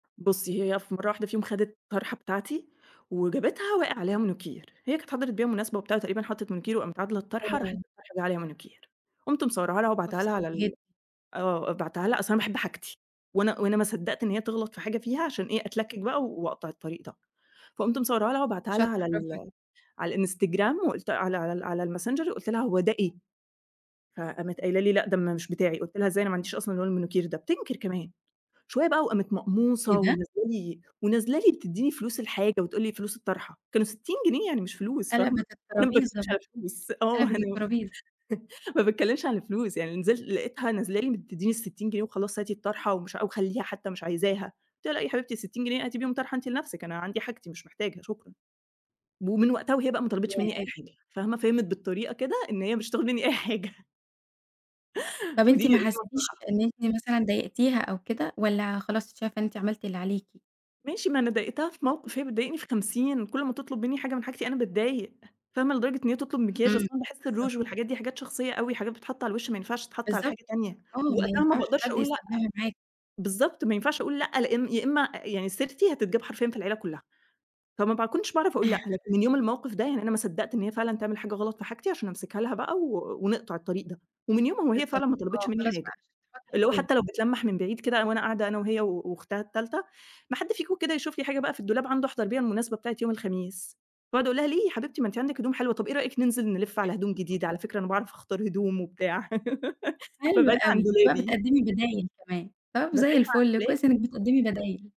بُصّي، هي في مرة واحدة فيهم خدِت طرحة بتاعتي، وجابتها وقع عليها مانيكير. هي كانت حضرِت بيها مناسبة وبتاع، تقريبًا حطّت مانيكير، وقامت عادلة الطرحة، راحت أوه! الطرحة جه عليها مانيكير. قُمت مصوّراها لها موقف وباعتاها لها صعب على جد ال آه، بعتّها لها أصل أنا باحب حاجتي، وأنا وأنا ما صدقت إن هي تغلط في حاجة فيها عشان إيه أتلكك بقى وأقطع الطريق ده. فقُمت مصوّراها لها وباعتاها لها شاطرة، على برافو عليِكِ. ال على الإنستجرام، وقُلت على على على الmessenger وقُلت لها: "هو ده إيه؟!" فقامت قايلة لي: "لأ، ده م مش بتاعي." قُلت لها: "إزاي؟ أنا ما عنديش أصلًا لون المانيكير ده." بتنكر كمان! شوية بقى وقامت إيه مقموصة، ده؟! ونازلة لي ونازلة لي بتدّيني فلوس الحاجة وتقول لي فلوس الطرحة، كانوا 60 جنيه، يعني مش فلوس فاهمة، قلبِت أنا ما الترابيزة باتكلمش بقى، على الفلوس. آه، قلبِت أنا الترابيزة. ما باتكلمش عن الفلوس. يعني نزلت لقيتها نازلة لي بتدّيني ال60 جنيه وخلاص، "هاتي الطرحة ومش وخليها حتى مش عايزاها." قُلت لها: "لأ، ياحبيبتي ال60 جنيه هاتي بيهم طرحة أنتِ لنفسِك، أنا عندي حاجتي مش محتاجة، شكرًا." ومن وقتها وهي بقى ما طلبِتش منّي أي ياه! حاجة، فاهمة، فِهمِت بالطريقة كده إن هي مش هتاخد مني أي حاجة. طَب ودي أنتِ ما دي حسيتيش مصلحة. إن أنتِ مثلًا ضايقتيها أو كده، والّّا خلاص شايفة إن أنتِ عملتِ اللي عليِكِ؟ ماشي، ما أنا ضايقتها في موقف، هي بتضايقني في خمسين. كل ما تِطلب منّي حاجة من حاجتي أنا باتضايق، فاهمة، لدرجة إن هي تُطلب مكياج، أصل إمم، أنا باحس بالضبط. الروج والحاجات دي حاجات شخصية أوي حاجات بتتحط على الوش، ما ينفعش تتحط على بالضبط. حاجة تانية. آه، ما وقتها ما ينفعش باقدرش حد أقول لأ. يستخدمها معاكِ. بالضبط، ما ينفعش أقول لأ، لأن يا إما يعني سيرتي هتتجاب حرفيًا في العيلة كلّها، فما باكنش باعرف أقول لأ. لكن من يوم الموقف ده، يعني أنا ما صدقت إن هي فعلًا تعمل حاجة غلط في حاجتي عشان أمسكها لها بقى ونقطع الطريق ده. ومن يومها وهي بالضبط فعلًا ما طلبِتش آه، منّي خلاص بقى حاجة، عشان تحطي اللي هو حدود. حتى لو بتلمّح من بعيد كده وأنا قاعدة أنا وهي وأختها التالتة، "ما حد فيكم كده يشوف لي حاجة بقى في الدولاب عنده أحضر بيها المناسبة بتاعة يوم الخميس." فأقعد أقول لها: "ليه يا حبيبتي ما أنت عندِك هدوم حلوة، طَب إيه رأيك ننزل نلف على هدوم [unintelligible] جديدة؟ على فكرة أنا باعرف أختار هدوم وبتاع." حلو فابعدي أوي. عن أنتِ بقى دولابي. بتقدّمي بدايل كمان. طَب زي بابعدها عند الفل دولا كويس إنِك بتقدّمي بدايل.